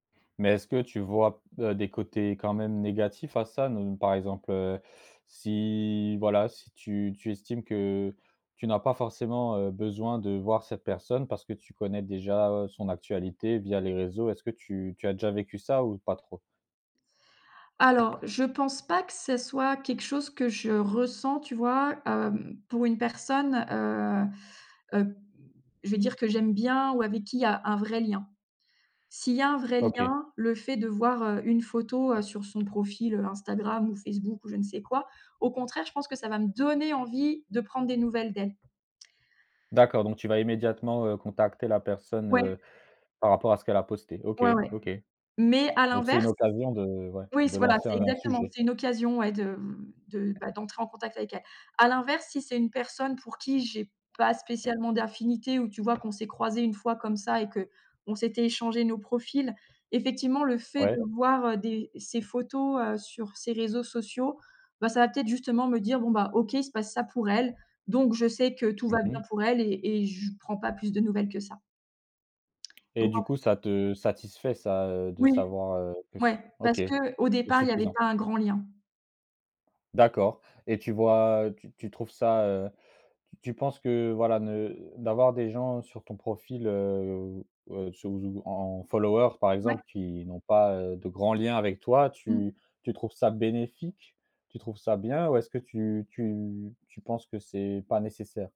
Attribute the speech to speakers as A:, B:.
A: Mais est-ce que tu vois b heu, des côtés quand même négatifs à ça? Ne par exemple, heu, si, voilà, si tu tu estimes que tu n'as pas forcément, heu, besoin de voir cette personne parce que tu connais déjà son actualité via les réseaux, est-ce que tu tu as déjà vécu ça ou pas trop?
B: Alors, je pense pas que ce soit quelque chose que je ressens, tu vois, hem, pour une personne, heu, heu, je vais dire que j'aime bien ou avec qu'il y a un vrai lien. S'il y a un vrai
A: OK.
B: lien, le fait de voir, heu, une photo, heu, sur son profil, heu, Instagram ou Facebook ou je ne sais quoi, au contraire, je pense que ça va me donner envie de prendre des nouvelles d'elle.
A: D'accord, donc tu vas immédiatement, heu, contacter la personne,
B: Ouais.
A: heu, par rapport à ce qu'elle a posté? OK,
B: Ouais, ouais,
A: OK.
B: mais à
A: Donc c'est une
B: l'inverse
A: occasion de ouais,
B: oui, c
A: de
B: voilà,
A: lancer
B: c'est
A: un
B: exactement,
A: sujet.
B: c'est une occasion, ouais, de, mmh, de bah, d'entrer en contact avec elle. À l'inverse, si c'est une personne pour qui j'ai pas spécialement d'affinité ou, tu vois, qu'on s'est croisés une fois comme ça et qu'on s'était échangés nos profils, effectivement, le fait
A: Ouais.
B: de voir des ses photos, heu, sur ses réseaux sociaux, ben, ça va peut-être justement me dire: «Bon, bah, OK, il se passe ça pour elle, donc je sais que tout
A: Mmh
B: va bien
A: mh.
B: pour elle» et et je prends pas plus de nouvelles que ça.
A: Et
B: Donc, en
A: du
B: f
A: coup, ça te satisfait ça, heu, de
B: Oui.
A: savoir, heu, que s
B: Ouais,
A: OK,
B: parce qu'au
A: c'est
B: départ il y avait
A: suffisant.
B: pas un grand lien.
A: D'accord et tu vois tu tu trouves ça, heu, tu tu penses que, voilà, ne d'avoir des gens sur ton profil, heu, sur z ou en followers, par
B: Ouais.
A: exemple, qui n'ont pas, heu, de grands liens avec toi,
B: Mmh.
A: tu tu trouves ça bénéfique? Tu trouves ça bien ou est-ce que tu tu tu penses que c'est pas nécessaire?